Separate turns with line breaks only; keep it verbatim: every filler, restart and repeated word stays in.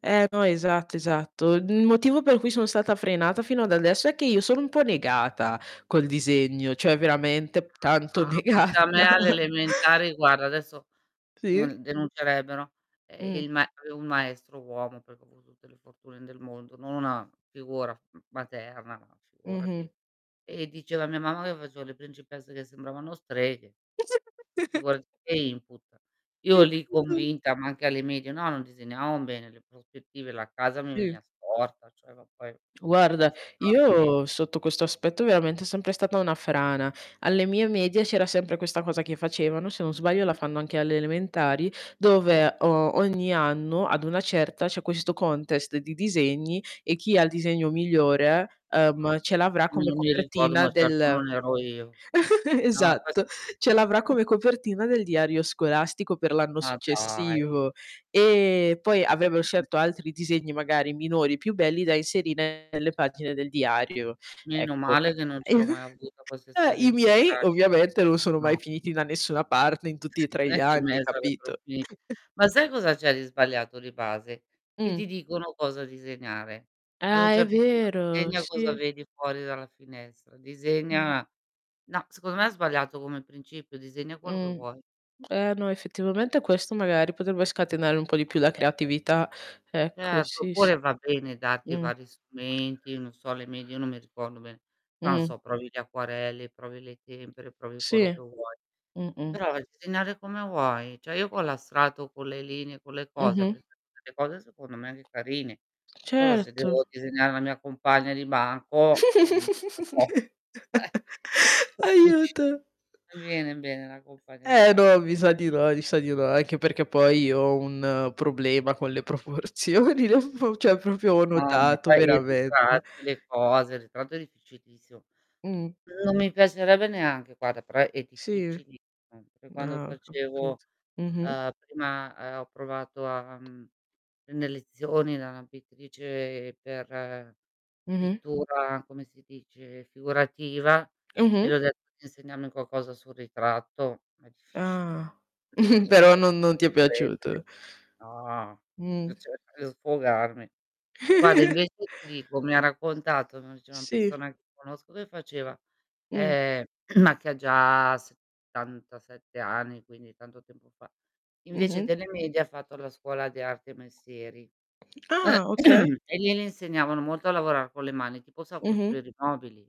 Eh, no esatto, esatto. Il motivo per cui son stata frenata fino ad adesso è che io sono un po' negata col disegno, cioè veramente
[unintelligible]
tanto
No, ma se
negata.
a me alle elementari guarda adesso
Sì.
un denuncerebbero, ehm,
Mh.
il ma un maestro uomo, perché ho avu tutte le fortune del mondo, non una figura m materna,
Mh-mh.
figurati, e diceva a mia mamma che facevo le principesse che sembravano streghe. Figurati che input. Io lì
[unintelligible]
convinta ma anche alle medie, no non disegnavao bene le prospettive, la casa mi
Sì.
venia storta, cioè ma poi
uarda,
[unintelligible]
io sotto questo aspetto veramente è sempre stata una frana. Alle mie medie c'era sempre questa cosa che facevano, se non sbaglio la
Mh.
fanno anche alle elementari,
Sì.
dove o ogni anno, ad una certa, c'è questo contest di disegni e chi ha il disegno migliore,
O
ehm, ce l'avrà
Mi
come
non mi ricordo
copertina
ma certo
del
non ero io. No questo
esatto,
non si
ce l'avrà
f
come copertina del diario scolastico per l'anno
Ma dai.
successivo. E poi avevan
Mh.
scelto altri disegni, magari minori, più belli, da inserire nelle pagine del diario,
Meno
ecco.
male che non
E
ce l'ho mai avuta questa
eh, i
esperienza
miei,
tragica.
ovviamente, non sono mai
No.
finiti da nessuna parte in tutti e tre gli anni, capito?
[unintelligible] Ma sai cosa c'è di sbagliato di base, che
Mh.
ti dicono cosa disegnare. Ad un
Ah, è
certo punto:
vero,
disegna cosa
sì.
vedi fuori dalla finestra,
Mh.
disegna no secondo me è sbagliato come principio, disegna quello che
Mh.
vuoi.
Eh, no effettivamente questo magari potrebbe scatenare un po' di più la
[unintelligible]
creatività. Ecco,
Certo,
sì, sì.
oppure va bene darti
Mh.
vari strumenti, non so alle medie, io non mi ricordo bene, però non
Mh.
so provi gli acquarelli, provi le tempere, provi quello che
Sì.
vuoi.
Mh-mh.
Però disegnare come vuoi: ceh io con la strato, con le linee, con le cose,
Mh-mh.
avrei fatto delle cose secondo me anche carine. Solo se
Certo.
devo disegnare la mia compagna di banco, ehm, è un po' eh! Capisci.
Aiuto.
Non mi viene bene la compagna di
Eh
ba
no, mi sa di no, mi sa di no, anche perché poi ho un problema con le proporzioni, [unintelligible] ceh
[unintelligible]
propio ho
Ma
notato
poi i
veramente.
ritratti, le cose, il ritratto è difficilissimo.
Mh.
Non mi piacerebbe neanche guarda, però è
Sì.
difficilissimo. Per quando
Ah, ho
facevo,
capito. Mh-mh.
ehm, prima, ehm, ho provato a mhmm, e ne lezioni la pittrice per
Mh-mh.
pittura come si dice, figurativa
Eh,
e
mh.
le ho detto di insegnarmi qualcosa sul ritratto, è difficiliss
Ah,
per le
però
proporzio
non non ti è
prendere.
piaciuto.
No.
Mh.
Eh, cerco di sfogarmi. Guarda invece, ti dico, mi ha raccontato [unintelligible] c'è una
Sì.
persona che conosco che faceva
Mh.
eh, ma che ha già settantasette anni, quindi tanto tempo fa. Invece
Mh-mh.
delle medie ha fatto la scuola di arte e mestieri;
Ah, okay.
e lì le insegnavano molto a lavorar con le mani, tipo sa
Mh-mh.
costruire i mobili.